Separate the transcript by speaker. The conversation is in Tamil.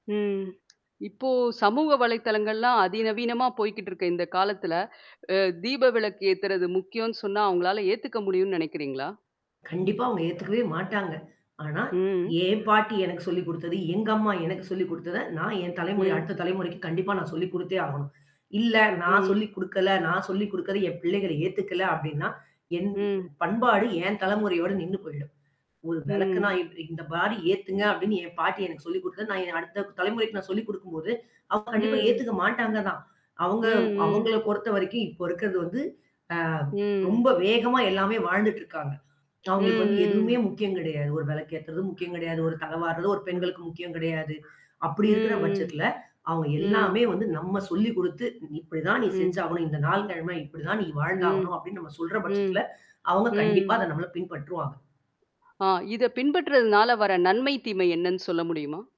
Speaker 1: ம். இப்ப சமூக வலைத்தளங்கள்லாம் அதிநவீனமா போய்க்கிட்டு இருக்க இந்த காலத்தில, அ தீப விளக்கு ஏத்தறது முக்கியம்னு சொன்னா, அவங்களால ஏத்துக்க முடியும்னு நினைக்கிறீங்களா?
Speaker 2: கண்டிப்பா அவங்க ஏத்துக்கவே மாட்டாங்க. ஆனா,
Speaker 1: ம்
Speaker 2: ஏன் பாட்டி எனக்கு சொல்லி குடுத்தது, எங்க அம்மா எனக்கு சொல்லிக் குடுத்ததை, நான் என் தலைமுறை
Speaker 1: ம்.
Speaker 2: அடுத்த தலைமுறைக்கு கண்டிப்பா நான் சொல்லிக் குடுத்தே ஆகணும். இல்ல. நான்
Speaker 1: ம்.
Speaker 2: சொல்லிக் குடுக்கல. நான் சொல்லிக் குடுக்குறதை என் பிள்ளைகள் ஏத்துக்கல அப்படின்னா, என் ப
Speaker 1: ம்.
Speaker 2: பண்பாடு என் தலைமுறையோட நின்னு போய்டும். "ஒரு விளக்குன்னா
Speaker 1: ம்.
Speaker 2: இப்பிடி இந்த மாதிரி ஏத்துங்க "அப்படின்னு என் பாட்டி எனக்கு சொல்லிக் குடுத்தது, நான் அடுத்த தலைமுறைக்கு நான் சொல்லிக் குடுக்கும்போது, அவங்க கண்டிப்பா
Speaker 1: ம்.
Speaker 2: ஏத்துக்க மாட்டாங்க தான். அவங்க
Speaker 1: ம், ம்.
Speaker 2: அவங்களை பொறுத்தவரைக்கும் இப்போ இருக்கிறது வந்து, அ ரொம்ப
Speaker 1: ம்.
Speaker 2: வேகமா எல்லாமே வாழ்ந்துட்டு இருக்காங்க.
Speaker 1: ம்,
Speaker 2: அவங்களுக்கு வந்து எதுவுமே
Speaker 1: ம்.
Speaker 2: முக்கியம் கிடையாது. ஒரு விளக்கு ஏத்தறது முக்கியம் கிடையாது. ஒரு தலை வார்றது ஒரு
Speaker 1: ம்.
Speaker 2: பெண்களுக்கு முக்கியம் கிடையாது. அப்படி இருக்கிற
Speaker 1: ம், ம்.
Speaker 2: பட்சத்தில, அவங்க எல்லாமே
Speaker 1: ம்.
Speaker 2: வந்து நம்ம சொல்லிக் குடுத்து, "இப்படிதான் நீ
Speaker 1: ம்.
Speaker 2: செஞ்சாகணும். இந்த நாள், கிழமை இப்படிதான் நீ
Speaker 1: ம்,
Speaker 2: வாழ்ந்தாகணும்." அப்படின்னு நாம் சொல்ற பட்சத்தில,
Speaker 1: ம்,
Speaker 2: அவங்க கண்டிப்பா
Speaker 1: ம்.
Speaker 2: அதை நம்மள பின்பற்றுவாங்க.
Speaker 1: ஆ இதை பின்பற்றதனால வர்ற நன்மை, தீமை என்னன்னு சொல்ல முடியுமா?